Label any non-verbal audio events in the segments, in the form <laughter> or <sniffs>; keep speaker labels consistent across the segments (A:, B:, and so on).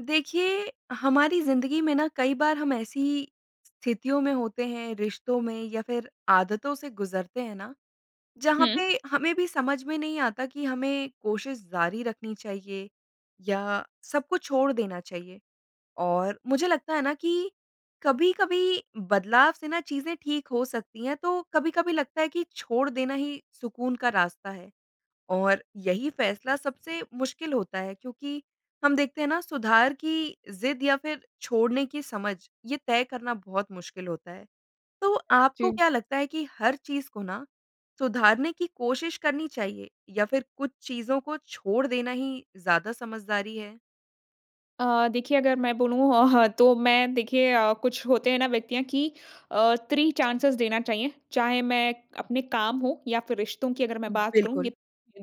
A: देखिए, हमारी ज़िंदगी में ना कई बार हम ऐसी ही स्थितियों में होते हैं, रिश्तो में या फिर आदतों से गुज़रते हैं ना, जहाँ
B: हुँ।
A: पे हमें भी समझ में नहीं आता कि हमें कोशिश जारी रखनी चाहिए, या सब कुछ छोड़ देना चाहिए। और मुझे लगता है ना कि कभी-कभी बदलाव से ना चीज़ें ठीक हो सकती हैं, तो कभी-कभी लगता है कि छोड़ देना ही सुकून का रास्ता है। और यही फ़ैसला सबसे मुश्किल होता है, क्योंकि हम देखते हैं ना सुधार की ज़िद या फिर छोड़ने की समझ, ये तय करना बहुत मुश्किल होता है। तो आपको
B: जी।
A: क्या लगता है कि हर चीज़ को ना सुधारने की कोशिश करनी चाहिए? या फिर कुछ चीज़ों को छोड़ देना ही ज़्यादा समझदारी है?
B: अ, देखिए, अगर मैं बोलूँ अ, ह तो मैं देखिए अ, कुछ होते हैं ना व्यक्तियाँ कि अ, 3 चांसेस देना चाहिए। चाहे मैं अपने काम हो या फिर रिश्तों की अगर मैं बात करूँ,
A: बिल्कुल।
B: ये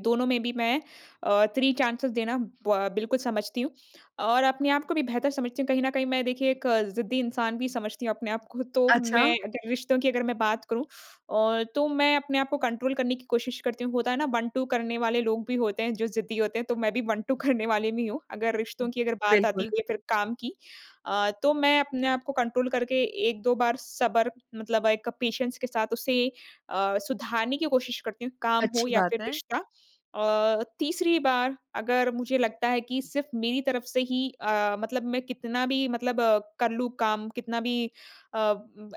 B: दोनों में भी मैं अ, 3 चांसेस देना ब अ, बिल्कुल समझती हूँ। और अपने आप को भी बेहतर समझती हूँ कहीं न कहीं मैं देखिए एक अ, ज़िद्दी इंसान भी समझती हूँ अपने आप को तो मैं
A: अच्छा।
B: अगर रिश्तों की अगर मैं बात करूँ और तो मैं अपने आप को कंट्रोल करने की कोशिश करती हूँ। होता है ना, 1-2 करने वाले लोग भी होते हैं, जो ज़िद्दी होते हैं, तो मैं भी 1-2 करने वाले में ही हूँ। अगर रिश्तों की अगर बात आती
A: बिल्कुल।
B: है या फिर काम की। अ, तो मैं अपने आप को कंट्रोल करके 1-2 बार सब्र मतलब एक पेशेंस के साथ उसे अ, सुधारने की कोशिश करती हूँ, काम हो
A: अच्छी
B: या
A: बात
B: फिर
A: है।
B: रिश्ता। अ, तीसरी बार अगर मुझे लगता है कि सिर्फ़ मेरी तरफ से ही अ, मतलब मैं कितना भी मतलब अ, कर लूँ काम, कितना भी अ,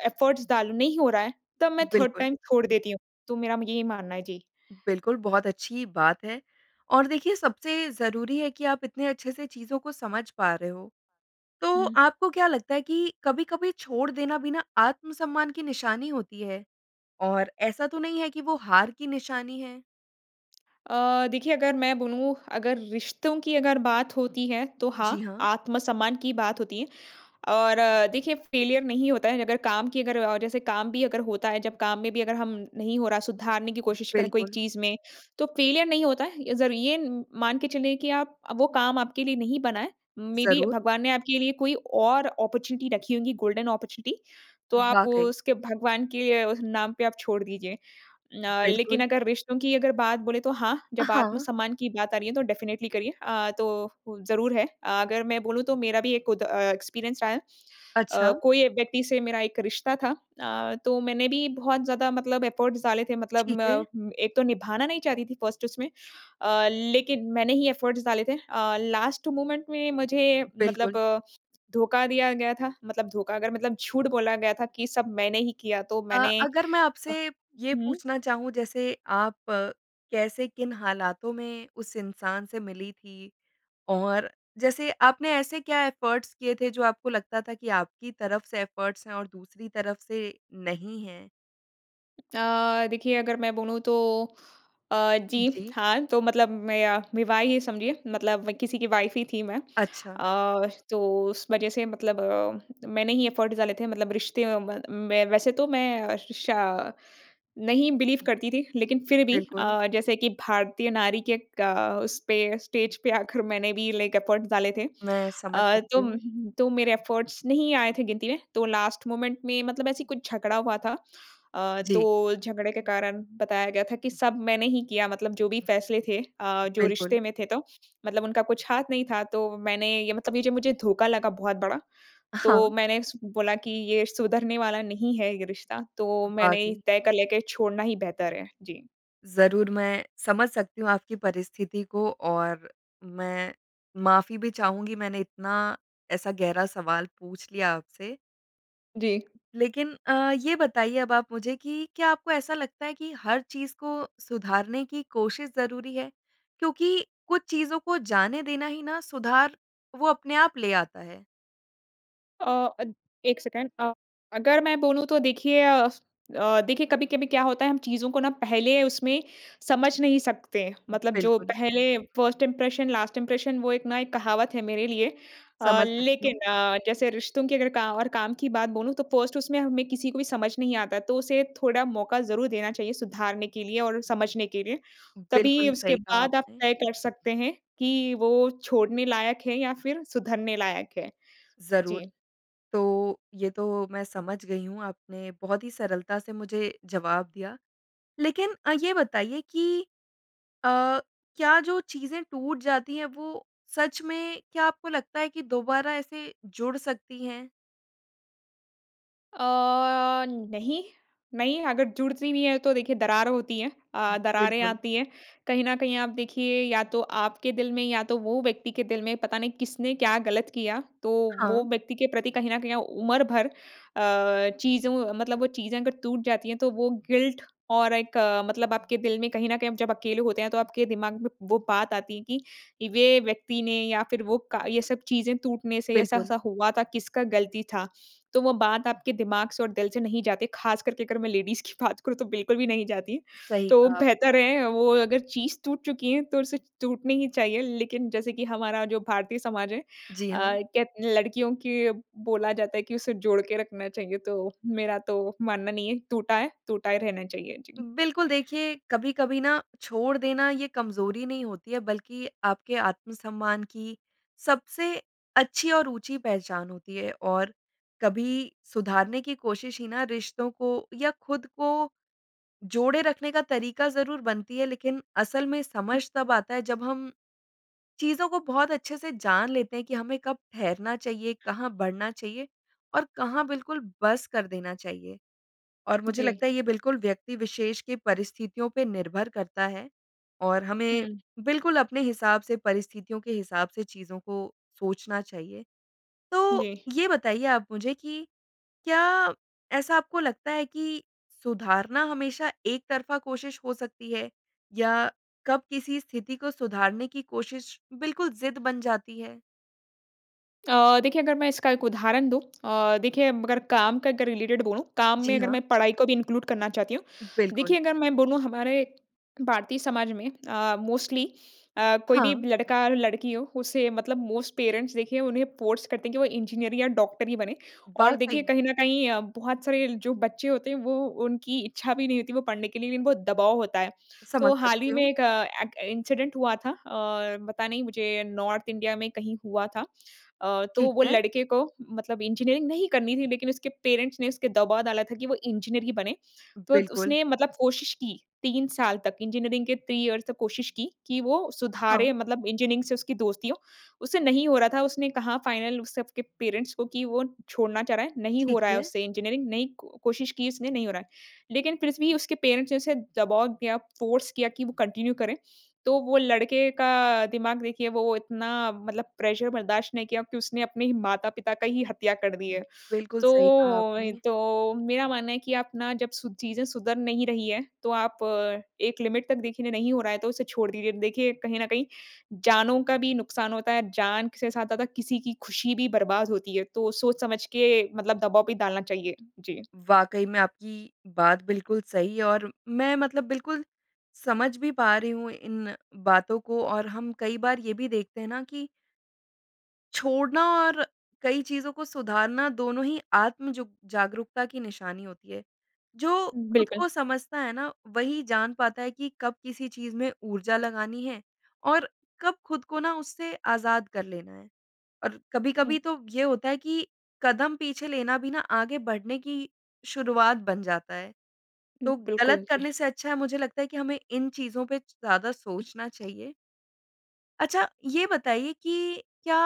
B: एफर्ट्स डालूँ, नहीं हो रहा है। तब मैं 3
A: बिल्कुल।
B: टाइम छोड़ देती हूँ। तो मेरा म यही मानना है जी।
A: बिल्कुल, बहुत अच्छी बात है। और देखिए, सबसे ज़रूरी है कि आप इतने अच्छे से चीज़ों को समझ पा रहे हो। तो
B: हुँ।
A: आपको क्या लगता है कि कभी-कभी छोड़ देना भी ना आत्म-सम्मान की निशानी होती है। और ऐसा तो नहीं है कि वो हार की निशानी है?
B: <clicks tongue> अ, देखिए अगर मैं बोलूँ अगर रिश्तों की अगर बात होती है तो
A: जी,
B: हाँ,
A: हाँ।
B: आत्मसम्मान की बात होती है। और देखिए फेलियर नहीं होता है अगर काम की अगर और जैसे काम भी अगर होता है जब काम में भी अगर हम नहीं हो रहा सुधारने की कोशिश करें कोई
A: बिल्कुल।
B: चीज़ में तो फेलियर नहीं होता है। इधर ये उम, मान के चलें कि आप अ, वो काम आपके लिए नहीं बना है। मेबी
A: ज़रूर।
B: भगवान ने आपके लिए कोई और अपॉर्चुनिटी रखी होंगी गोल्डन अपॉर्चुनिटी तो आप
A: वाक़ई।
B: उसके भगवान के नाम पे आप छोड़ दीजिए। अ, लेकिन
A: बिल्कुल।
B: अगर रिश्तों की अगर बात बोले तो हाँ, जब
A: हाँ।
B: आत्मसम्मान की बात आ रही है तो डेफ़िनिटेली करिए अ, तो वो ज़रूर है। अगर मैं बोलूँ तो मेरा भी एक खुद अ, एक्सपीरियंस रहा है। अ,
A: अच्छा।
B: कोई व्यक्ति से मेरा एक रिश्ता था। अ, तो मैंने भी बहुत ज़्यादा मतलब एफ़र्ट्स डाले थे मतलब
A: ठीक है।
B: म, एक तो निभाना नहीं चाहती थी फ़र्स्ट उसमें अ, लेकिन मैंने ही एफ़र्ट्स डाले थे। अ, लास्ट मोमेंट में मुझे मतलब
A: बिल्कुल।
B: धोखा दिया गया था, मतलब धोखा अगर मतलब झूठ बोला गया था कि सब मैंने ही किया तो
A: अ,
B: मैंने,
A: अगर मैं
B: अ,
A: आपसे ये
B: हुँ।
A: पूछना चाहूँ जैसे आप कैसे किन हालातों में उस इंसान से मिली थीं? और जैसे आपने ऐसे क्या एफ़र्ट्स किए थे जो आपको लगता था कि आपकी तरफ से एफ़र्ट्स हैं और दूसरी तरफ से नहीं हैं?
B: <tsk> अ, देखिए अगर मैं बोलूँ तो अ, जी।
A: जी।
B: हाँ, तो मतलब मैं अ, विवाह ही समझिए मतलब किसी की वाइफ़ ही थी मैं।
A: अच्छा।
B: अ, तो उस वज़ह से मतलब अ, मैंने ही एफ़र्ट डाले थे मतलब रिश्ते म में वैसे तो मैं श, नहीं बिलीव करती थी लेकिन फिर भी
A: बिल्कुल।
B: अ, जैसे की भारतीय नारी के एक अ, उस पे ही स्टेज पे आकर मैंने भी लाइक एफ़र्ट डाले थे।
A: मैं समझ
B: अ,
A: सकती
B: तो
A: हूँ।
B: तो मेरे एफ़र्ट्स नहीं आए थे गिनती में। तो लास्ट मोमेंट में ऐसे कुछ झगड़ा हुआ था। अ,
A: जी।
B: तो झगड़े के कारण बताया गया था कि सब मैंने ही किया मतलब जो भी फ़ैसले थे, अ, जो
A: बिल्कुल।
B: रिश्ते में थे तो मतलब उनका कुछ हाथ नहीं था। तो मैंने ये मतलब ये जो मुझे धोखा लगा बहुत बड़ा। तो
A: हाँ।
B: मैंने स बोला कि ये सुधरने वाला नहीं है ये रिश्ता। तो मैंने ही
A: वाक़ई।
B: तय कर लिया कि छोड़ना ही बेहतर है। जी।
A: ज़रूर मैं समझ सकती हूँ आपकी परिस्थिति को और मैं माफ़ी भी चाहूँगी मैंने इतना ऐसा गहरा सवाल पूछ लिया आपसे।
B: जी।
A: लेकिन अ, ये बताइए अब आप मुझे कि क्या आपको ऐसा लगता है कि हर चीज़ को सुधारने की कोशिश ज़रूरी है, क्योंकि कुछ चीज़ों को जाने देना ही ना सुधार वो अपने आप ले आता है?
B: अ, अ, 1 सेकंड अ, अगर मैं बोलूँ तो देखिए अ, स अ, देखिए कभी-कभी क्या होता है हम चीज़ों को ना पहले उसमें समझ नहीं सकते। मतलब जो
A: बिल्कुल।
B: पहले फ़र्स्ट इम्प्रेशन लास्ट इम्प्रेशन वो एक ना एक कहावत है मेरे लिए। अ,
A: समझ सकती
B: लेकिन
A: हूँ।
B: अ, जैसे रिश्तों की अगर का और काम की बात बोलूँ तो फ़र्स्ट उसमें हमें किसी को भी समझ नहीं आता तो उसे थोड़ा मौका ज़रूर देना चाहिए सुधारने के लिए और समझने के लिए। तभी
A: बिल्कुल
B: उसके
A: सही कहा
B: बाद आप
A: आपने।
B: तय कर सकते हैं कि वो छोड़ने लायक है या फिर सुधरने लायक है।
A: ज़रूर।
B: जी।
A: तो ये तो मैं समझ गई हूँ आपने बहुत ही सरलता से मुझे जवाब दिया। लेकिन अ, ये बताइए कि अ, क्या जो चीज़ें टूट जाती हैं वो सच में, क्या आपको लगता है कि दोबारा ऐसे जुड़ सकती हैं?
B: अ, नहीं, नहीं अगर जुड़ती नहीं है तो देखिए दरार होती है। अ, दरारें
A: बिल्कुल।
B: आती है। कहीं न कहीं आप देखिए या तो आपके दिल में या तो वो व्यक्ति के दिल में पता नहीं किसने क्या गलत किया तो वो
A: हाँ।
B: व्यक्ति के प्रति कहीं न कहीं ओ उम्र भर अ, चीज़ों मतलब वो चीज़ें अगर टूट जाती हैं तो वो गिल्ट और एक अ, मतलब आपके दिल में कहीं न कहीं आप जब अकेले होते हैं तो आपके दिमाग में वो बात आती है कि वे व्यक्ति ने या फिर वो का ये सब चीज़ें टूटने से
A: बिल्कुल।
B: ऐसा-ऐसा हुआ था, किसका गलती था? तो वो बात आपके दिमाग से और दिल से नहीं जाती, ख़ासकर के अगर मैं लेडीज़ की बात करूँ तो बिल्कुल भी नहीं जाती है।
A: सही
B: तो
A: कहा आपने।
B: बेहतर है अ, वो अगर चीज़ टूट चुकी हैं तो उसे टूटनी ही चाहिए। लेकिन जैसे कि हमारा जो भारतीय समाज है, अ,
A: जी हाँ।
B: कहत लड़कियों की अ, बोला जाता है कि उसे जोड़के रखना चाहिए। तो मेरा तो मानना नहीं है टूटा है, टूटा ही रहना चाहिए जी।
A: बिल्कुल देखिए, कभी-कभी ना छोड़ देना ये कमज़ोरी नहीं होती है बल्कि आपके आत्म-सम्मान की सबसे अच्छी और ऊँची पहचान होती है और कभी सुधारने की कोशिश ही ना रिश्तो को या खुद को जोड़े रखने का तरीका ज़रूर बनती है लेकिन असल में समझ तब आता है जब हम, चीज़ों को बहुत अच्छे से जान लेते हैं कि हमें कब ठहरना चाहिए, कहाँ बढ़ना चाहिए और कहाँ बिल्कुल बस कर देना चाहिए। और मुझे
B: जी।
A: लगता है ये बिल्कुल व्यक्ति विशेष के परिस्थितियों पे निर्भर करता है और हमें
B: हुँ।
A: बिल्कुल अपने हिसाब से परिस्थितियों के हिसाब से चीज़ों को सोचना चाहिए। तो
B: जी।
A: ये बताइए आप मुझे कि क्या ऐसा आपको लगता है कि सुधारना हमेशा एकतरफ़ा कोशिश हो सकती है? या कब किसी स्थिति को सुधारने की कोशिश बिल्कुल ज़िद बन जाती है?
B: अ, देखिए अगर मैं इसका एक उदाहरण दूँ अ, देखिए अगर काम का अगर रिलेटेड बोलूँ, काम में
A: जी,
B: अगर मैं
A: हाँ।
B: पढ़ाई को भी इनक्लूड करना चाहती हूँ।
A: बिल्कुल।
B: देखिए अगर मैं बोलूँ हमारे भारतीय समाज में अ, मोस्टली अ, कोई भी
A: हाँ।
B: लड़का-लड़की हो उसे मतलब मोस्ट पेरेंट्स देखिए उन्हें फ़ोर्स करते है कि वो इंजीनियर या डॉक्टर ही बने। और देखिए
A: वाक़ई।
B: कहीं न कहीं अ, बहुत सारे जो बच्चे होते हैं वो उनकी इच्छा भी नहीं होती वो पढ़ने के लिए लेकिन बहुत दबाव होता है। तो
A: समझ
B: हाल ही
A: सकती
B: में
A: हूँ।
B: एक अ, एक इंसिडेंट हुआ था और पता नहीं मुझे नॉर्थ इंडिया में कहीं हुआ था। अ, तो
A: ठीक
B: वो
A: है।
B: लड़के को मतलब इंजीनियरिंग नहीं करनी थी लेकिन उसके पेरेंट्स ने उसके दबाव डाला था कि वो इंजीनियर ही बने। तो त
A: बिल्कुल।
B: उसने मतलब कोशिश की 3 साल तक इंजीनियरिंग के 3 इयर्स तक कोशिश की, कि वो
A: हाँ।
B: सुधारे मतलब इंजीनियरिंग से उसकी दोस्ती हो। उससे नहीं हो रहा था। उसने कहा फाइनल उस सबके पेरेंट्स को कि वो छोड़ना चाह रहा है। नहीं हो
A: ठीक
B: रहा है
A: है।
B: उससे इंजीनियरिंग, नहीं को-कोशिश की उसने नहीं हो रहा है। लेकिन फिर भी उसके पेरेंट्स ने उसे दबाव दिया फ़ोर्स किया कि वो कंटिन्यू करें। तो वो लड़के का दिमाग देखिए वो इतना मतलब प्रेशर बर्दाश्त नहीं किया कि उसने अपने ही माता-पिता का ही हत्या कर दि है। <sniffs>
A: बिल्कुल
B: तो
A: सही कहा
B: वही
A: आपने।
B: तो वही, तो मेरा मानना है कि आप ना जब ची चीज़ें सुधर नहीं रही है तो आप अ, एक लिमिट तक देखिए नहीं हो रहा है तो उसे छोड़ दीजिए। देखिए कहीं न कहीं जानो का भी नुकसान होता है, जान से ज़्यादा किसी की खुशी भी बर्बाद होती है, तो सोच समझ के मतलब दबाव भी डालना चाहिए। जी।
A: वाक़ई में आपकी बात बिल्कुल सही और मैं मतलब बिल्कुल समझ भी पा रही हूँ इन बातों को, और हम कई बार ये भी देखते हैं ना कि छोड़ना और कई चीज़ों को सुधारना दोनों ही आत्म जो जागरूकता की निशानी होती है। जो खुद
B: बिल्कुल।
A: को समझता है ना, वही जान पाता है कि कब किसी चीज़ में ऊर्जा लगानी है और कब खुद को ना उससे आज़ाद कर लेना है। और कभी-कभी तो ये होता है कि कदम पीछे लेना भी ना आगे बढ़ने की शुरुआत बन जाता है। तो गलत
B: बिल्कुल, जी।
A: करने से अच्छा है, मुझे लगता है कि हमें इन चीज़ों पे ज़्यादा
B: उ
A: सोचना चाहिए। अच्छा, ये बताइए कि क्या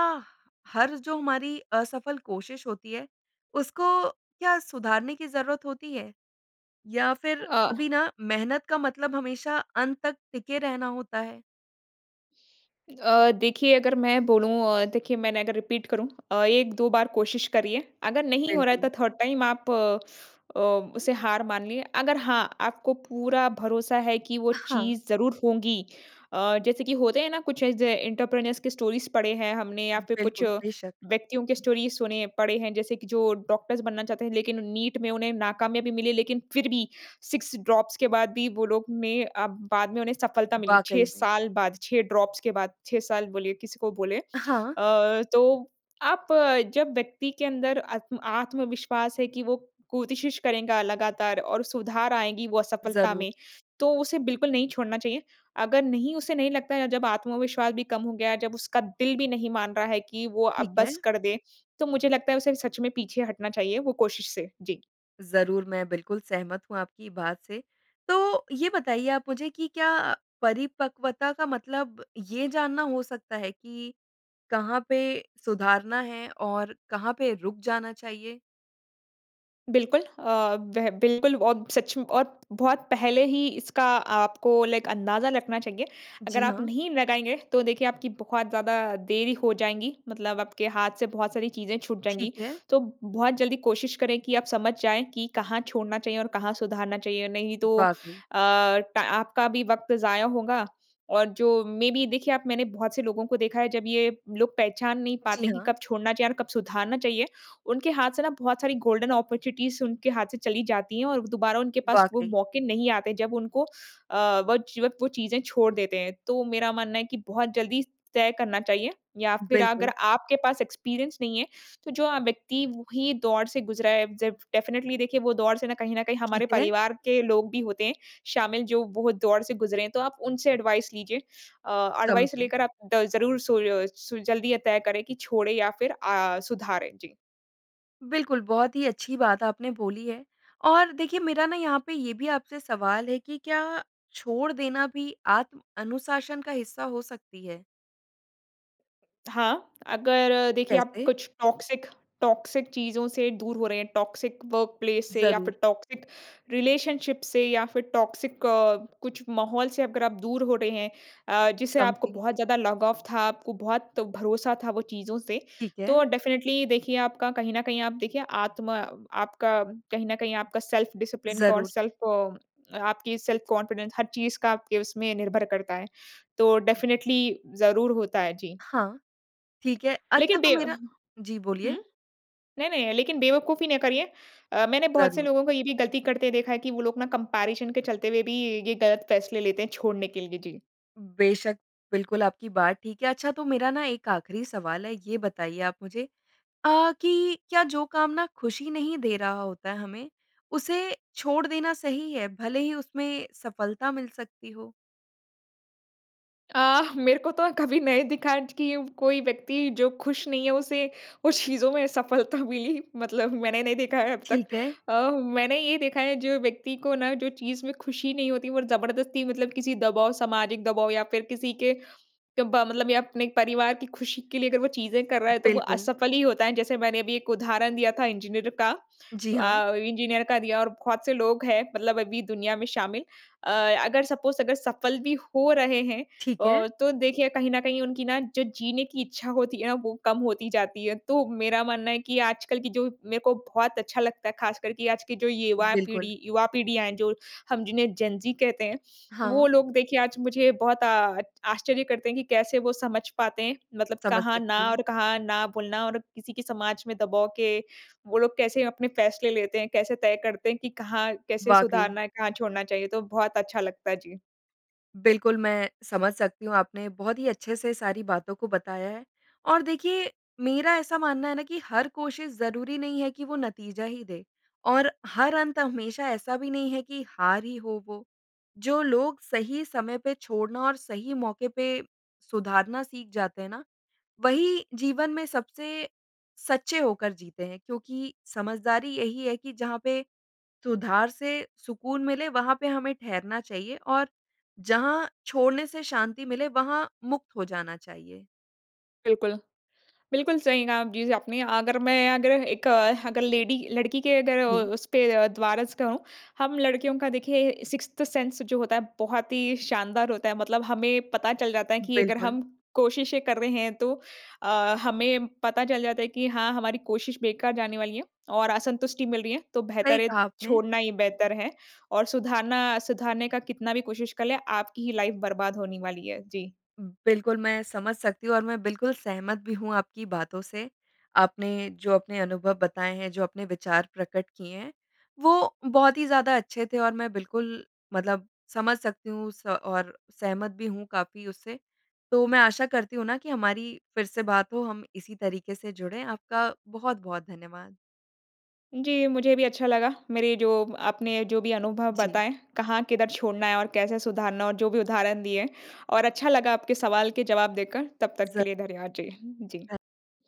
A: हर जो हमारी असफल कोशिश होती है, उसको क्या सुधारने की ज़रूरत होती है? या फिर
B: अ
A: कभी ना मेहनत का मतलब हमेशा अंत तक टिके रहना होता है?
B: अ, देखिए अगर मैं बोलूँ अ, देखिए मैंने अगर रीपीट करूँ अ, 1-2 बार कोशिश करिए, अगर नहीं हो रहा है तो
A: बिल्कुल।
B: थर्ड टाइम आप अ, उसे हार मानिए। अगर हाँ आपको पूरा भरोसा है कि वो
A: अ, हाँ।
B: चीज़ ज़रूर होगी। अ, जैसे कि होते हैं ना कुछ ऐसे एंटरप्रेन्योर्स के स्टोरीज़ पढ़े हैं हमने या फिर कुछ
A: बिल्कुल, बेशक।
B: व्यक्तियों के स्टोरीज़ सुने पढ़े हैं जैसे कि जो डॉक्टर्स बनना चाहते हैं, लेकिन नीट में उन्हें नाकामयाबी मिले लेकिन फिर भी 6 ड्रॉप्स के बाद भी वो लोग में अ, बाद में उन्हें सफलता मिली 6
A: वाक़ई मे।
B: साल बाद, 6 ड्रॉप्स के बाद 6 साल बोलिए किसी को बोलें।
A: हाँ।
B: अ, तो आप जब व्यक्ति के अंदर आत्म आत्मविश्वास है कि वो कोशिश करेगा लगातार और सुधार आएगी वो सफलता
A: ज़रूर।
B: में, तो उसे बिल्कुल नहीं छोड़ना चाहिए। अगर नहीं उसे नहीं लगता है जब आत्मविश्वास भी कम हो गया, जब उसका दिल भी नहीं मान रहा है कि वो
A: ठीक
B: अब
A: है।
B: बस कर दें, तो मुझे लगता है उसे सच में पीछे हटना चाहिए वो कोशिश से। जी।
A: ज़रूर मैं बिल्कुल सहमत हूँ आपकी बात से। तो ये बताइए आप मुझे कि क्या परिपक्वता का मतलब ये जानना हो सकता है कि कहाँ पे सुधारना है और कहाँ पे रुक जाना चाहिए?
B: बिल्कुल। अ, वह बिल्कुल और सच में और बहुत पहले ही इसका आपको लाइक अंदाज़ा रखना चाहिए। अगर
A: जी,
B: आप
A: हाँ।
B: नहीं लगाएँगे तो देखिए आपकी बहुत ज़्यादा देरी हो जाएँगी। मतलब आपके हाथ से बहुत सारी चीज़ें छूट जाएँगी।
A: ठीक है।
B: तो बहुत जल्दी कोशिश करें कि आप समझ जाएँ कि कहाँ छोड़ना चाहिए और कहाँ सुधारना चाहिए। नहीं तो
A: वाक़ई।
B: अ, टा आपका भी वक़्त ज़ाया होगा। और जो मेय बी देखिए आप मैंने बहुत से लोगों को देखा है। जब ये लोग पहचान नहीं
A: जी,
B: पाते कि
A: हाँ।
B: कब छोड़ना चाहिए और कब सुधारना चाहिए। उनके हाथ से ना बहुत सारी गोल्डन ऑपर्चुनिटीज़ उनके हाथ से चली जाती हैं। और व दुबारा उनके पास वो
A: वाक़ई।
B: मौके नहीं आते जब उनको अ, वज वक़्त वो चीज़ें छोड़ देते हैं। तो मेरा मानना है कि बहुत जल्दी स तय करना चाहिए या फिर अगर
A: बिल्कुल।
B: आपके पास एक्सपीरियंस नहीं है। तो जो अ, व्यक्ति वही दौर से गुज़रा है। जब डेफ़िनेटली देखिए वो दौर से ना कहीं न कहीं
A: ठीक
B: हमारे
A: है।
B: परिवार के लोग भी होते हैं शामिल जो वो दौर से गुज़रे हैं तो आप उनसे एडवाइज़ लीजिए। अ,
A: कम
B: एडवाइज़
A: पे
B: लेकर आप द ज़रूर सोय सुल जल्दी अ, ये तय करें कि छोड़ें या फिर अ, सुधारें। जी।
A: बिल्कुल। बहुत ही अच्छी बात आपने बोली है। और देखिए मेरा ना यहाँ पे ये भी आपसे सवाल है कि क्या छोड़ देना भी आत्म अनुशासन का हिस्सा हो सकती है?
B: हाँ, अगर देखिए आप
A: कैसे?
B: कुछ टॉक्सिक, टॉक्सिक चीज़ों से दूर हो रहे हैं टॉक्सिक वर्कप्लेस से या फिर
A: ज़रूर।
B: टॉक्सिक रिलेशनशिप से या फिर टॉक्सिक अ, कुछ माहौल से अगर आप दूर हो रहे हैं अ, जिसे आपको
A: समझी।
B: बहुत ज़्यादा लगाव था आपको बहुत भरोसा था वो चीज़ों से।
A: ठीक है।
B: तो डेफिनिटली देखिए आपका कहीं न कहीं आप देखिए आत्मा अ, आपका कहीं न कहीं आपका सेल्फ डिसिप्लिन का और
A: ज़रूर।
B: सेल्फ़ अ आपकी सेल्फ कॉन्फिडेंस हर चीज़ का आपके उसमें निर्भर करता है। तो डेफिनिटली ज़रूर होता है, जी।
A: हाँ। ठीक है। अच्छा
B: लेकिन
A: तो
B: बे अ,
A: मेरा
B: ह
A: जी
B: हुँ?
A: बोलिए।
B: नहीं-नहीं लेकिन बेवकूफ़ी न करिए। अ, मैंने बहुत से
A: ज़रूर।
B: लोगों को ये भी गलती करते देखा है कि वो लोग ना कंपैरिज़न के चलते हुए भी ये गलत फ़ैसले लेते हैं छोड़ने के लिए, जी।
A: बेशक़, बिल्कुल आपकी बात ठीक है। अच्छा तो मेरा ना एक आखिरी सवाल है, ये बताइए आप मुझे अ, कि क्या जो काम ना खुशी नहीं दे रहा होता है हमें, उसे छोड़ देना सही है? भले ही उसमें सफलता मिल सकती हो?
B: अ, मेरे को तो अ, कभी नहीं दिखा ज कि व कोई व्यक्ति जो खुश नहीं है उसे उस चीज़ों में सफलता मिली। मतलब मैंने नहीं देखा है अब तक।
A: ठीक है।
B: अ, हु मैंने ये देखा है जो व्यक्ति को ना जो चीज़ में खुशी नहीं होती और जबरदस्ती मतलब किसी दबाव सामाजिक दबाव या फिर किसी के दबाव मतलब या अपने परिवार की खुशी के लिए अगर वो चीज़ें कर रहा है तो वो
A: बिल्कुल।
B: असफल ही होता है। जैसे मैंने अभी एक उदाहरण दिया था इंजीनियर का।
A: जी हाँ।
B: अ, इंजीनियर का दिया और बहुत से लोग हैं मतलब अभी दुनिया में शामिल। अ, अगर सपोज़ अगर सफल भी हो रहे हैं
A: ठीक है।
B: अ, तो देखिए कहीं न कहीं उनकी ना जो जीने की इच्छा होती है ना वो कम होती जाती है। तो मेरा मानना है कि आजकल की जो मेरे को बहुत अच्छा लगता है खासकर कि आज की जो युवा
A: बिल्कुल।
B: पीढ़ी युवा पीढ़ियाँ हैं जो, हम जिन्हें जेन-ज़ी कहते हैं, वो
A: हाँ।
B: लोग देखिए आज मुझे बहुत आ आच् आश्चर्य करते हैं कि कैसे वो समझ पाते हैं? मतलब
A: समझ
B: कहाँ ना
A: सकती हूँ।
B: और कहाँ ना बोलना और किसी की समाज में दबाव के वो लोग कैसे अपने फ़ैसले लेते हैं, कैसे तय करते हैं कि कहाँ, कैसे
A: वाक़ई।
B: सुधारना है, कहाँ छोड़ना चाहिए, तो बहुत अच्छा लगता। जी।
A: बिल्कुल मैं समझ सकती हूँ आपने बहुत ही अच्छे से सारी बातों को बताया है। और देखिए मेरा ऐसा मानना है ना कि हर कोशिश ज़रूरी नहीं है कि वो नतीजा ही दे और हर अंत हमेशा ऐसा भी नहीं है कि हार ही हो वो। जो लोग सही समय पर छोड़ना और सही मौके पर सुधारना सीख जाते हैं ना, वही जीवन में सबसे सच्चे होकर जीते हैं क्योंकि समझदारी यही है कि जहाँ पे सुधार से सुकून मिले वहाँ पे हमें ठहरना चाहिए और जहाँ छोड़ने से शांति मिले वहाँ मुक्त हो जाना चाहिए।
B: बिल्कुल। बिल्कुल सही कहा जी आपने। अगर मैं अगर एक अगर लेडी लड़की के अगर अ,
A: जी।
B: उस पे अ, द्वारा से कहूँ। हम लड़कियों का देखिए, सिक्स्थ सेंस जो होता है बहुत ही शानदार होता है। मतलब हमें पता चल जाता है कि अगर
A: बिल्कुल।
B: हम कोशिशें कर रहे हैं तो अ, हमें पता चल जाता है कि हाँ, हमारी कोशिश बेकार जाने वाली है। और असंतुष्टी मिल रही है तो
A: सही
B: बेहतर है,
A: कहा आपने।
B: छोड़ना ही बेहतर है। और सुधारना सुधारने का कितना भी कोशिश कर लें आपकी ही लाइफ़ बर्बाद होनी वाली है। जी।
A: बिल्कुल। मैं समझ सकती हूँ और मैं बिल्कुल सहमत भी हूँ आपकी बातों से। आपने जो अपने अनुभव बताएँ हैं जो अपने विचार प्रकट किए हैं, वो बहुत ही ज़्यादा अच्छे थे और मैं बिल्कुल मतलब समझ सकती हूँ स और सहमत भी हूँ काफ़ी उससे। तो मैं आशा करती हूँ ना कि हमारी फिर से बात हो, हम इसी तरीके से जुड़े। आपका बहुत-बहुत धन्यवाद।
B: जी, मुझे भी अच्छा लगा। मेरे जो आपने जो भी अनुभव
A: जी।
B: बताएँ, कहाँ किधर छोड़ना है और कैसे सुधारना और जो भी उदाहरण दिए और अच्छा लगा आपके सवाल के जवाब देकर तब तक
A: ज़
B: के लिए धन्यवाद। जी। जी।
A: अ